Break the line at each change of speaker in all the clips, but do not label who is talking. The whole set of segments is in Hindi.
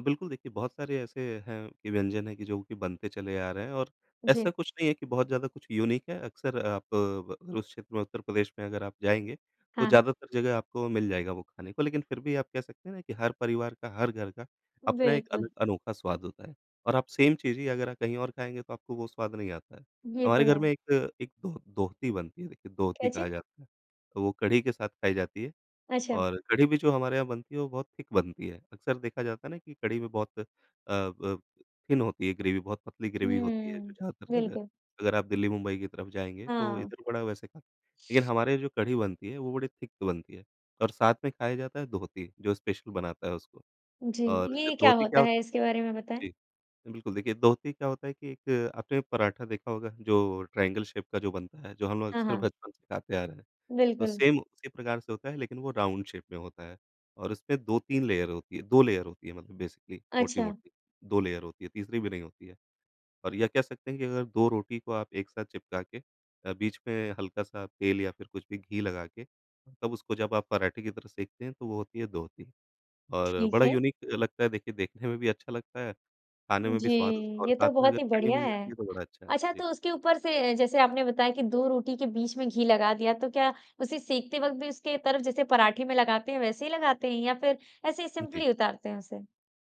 बिल्कुल, देखिए बहुत सारे ऐसे हैं कि व्यंजन है कि जो कि बनते चले आ रहे हैं और ऐसा
जी।
कुछ नहीं है कि बहुत ज़्यादा कुछ यूनिक है। अक्सर आप ब अगर उस क्षेत्र में उत्तर प्रदेश में अगर आप जाएँगे, तो
हाँ, हाँ।
ज़्यादातर जगह आपको मिल जाएगा वो खाने को, लेकिन फिर भी आप कह सकते हैं ना कि हर परिवार का, हर घर का अपना एक अल
बिल्कुल।
अनोखा स्वाद होता है और आप सेम चीज़ ही अगर आप कहीं और खाएँगे तो आपको वो स्वाद नहीं आता है।
ये तो
हमारे घर
है।
में एक, एक दोह दोहती बनती है देखिए दोहती
क्या
कहा
चीज़?
जाता है, तो वो कढ़ी के साथ खाई जाती है।
अच्छा।
और कढ़ी भी जो हमारे यहाँ बनती है वो बहुत थिक बनती है, अक्सर देखा जाता है ना कि कढ़ी में बहुत अ अ, थिन होती है, ग्रेवी बहुत पतली ग्रेवी होती है, जो
हुँ,
ज्यादातर जगह
बिल्कुल।
अगर आप दिल्ली-मुंबई की तरफ जाएँगे तो
हाँ।
इधर बड़ा वैसे ख लेकिन हमारे जो कढ़ी बनती है वो बड़ी थिक बनती है, और साथ में खाया जाता है दोहती, जो स्पेशल बनाता है उसको
जी,
और
ये क्या
दोहती क्या
होता
हो
है? इसके बारे में बताएँ?
जी। बिल्कुल देखिए, दोहती क्या होता है कि एक आपने पराठा देखा होगा जो ट्रायंगल शेप का जो बनता है, जो हम लोग
हाँ,
अक्सर
हाँ।
बचपन से खाते आ रहे हैं। तो
बिल्कुल।
सेम उसी प्रकार से होता है, लेकिन वो राउंड शेप में होता है और उसमें 2-3 लेयर होती है, 2 लेयर होती है मतलब बेसिकली
अच्छा।
मोटी-मोटी, 2 लेयर होती है, तीसरी भी नहीं होती है। और ये कह सकते हैं कि अगर 2 रोटी को आप एक साथ चिपका के अ, बीच में हल्का-सा तेल या फिर कुछ भी घी लगा के, तब उसको जब आप पराठे की तरह सेंकते हैं तो वो होती है दोहती और
ठीक
बड़ा
है।
यूनिक लगता है, देखिए देखने में भी अच्छा लगता है खाने में भी
जी,
स्वाद उसका और
ये
साथ
तो
में अगर
बहुत ही
कढ़ी
बढ़िया
मिल जाती
है।
है तो बड़ा अच्छा है।
अच्छा,
जी।
तो उसके ऊपर से अ, जैसे आपने बताया कि 2 रोटी के बीच में घी लगा दिया तो क्या उसे सेंकते वक़्त भी उसके तरफ, जैसे पराठे में लगाते हैं, वैसे ही लगाते हैं या फिर ऐसे ही
जी।
सिंपली उतारते हैं उसे?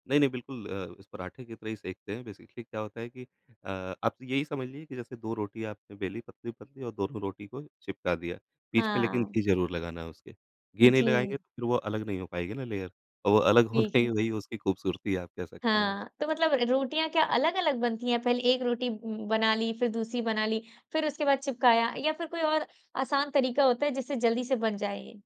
नहीं, नहीं, बिल्कुल अ, इस पराठे की तरह ही सेंकते हैं। बेसिकली क्या होता है कि अ, आप यही समझ लीजिए कि जैसे 2 रोटी आपने बेलीं, पतली-पतली और दोनों रोटी को ही चिपका दिया। बीच में लेकिन
हाँ।
घी ज़रूर लगाना है उसके, घी नहीं लगाएँगे
जी।
तो फिर वो अलग नहीं हो पाएगी ना लेयर और वो अलग होना
ठीक
ही
है।
वही उसकी खूबसूरती है। आप कह सकते हैं उसको।
हाँ, तो मतलब रोटियाँ क्या अलग-अलग बनती हैं, पहले 1 रोटी ब बना ली, फिर दूसरी बना ली, फिर उसके बाद चिपकाया या फिर कोई और आसान तरीका होता है जिससे जल्दी से बन जाए ये?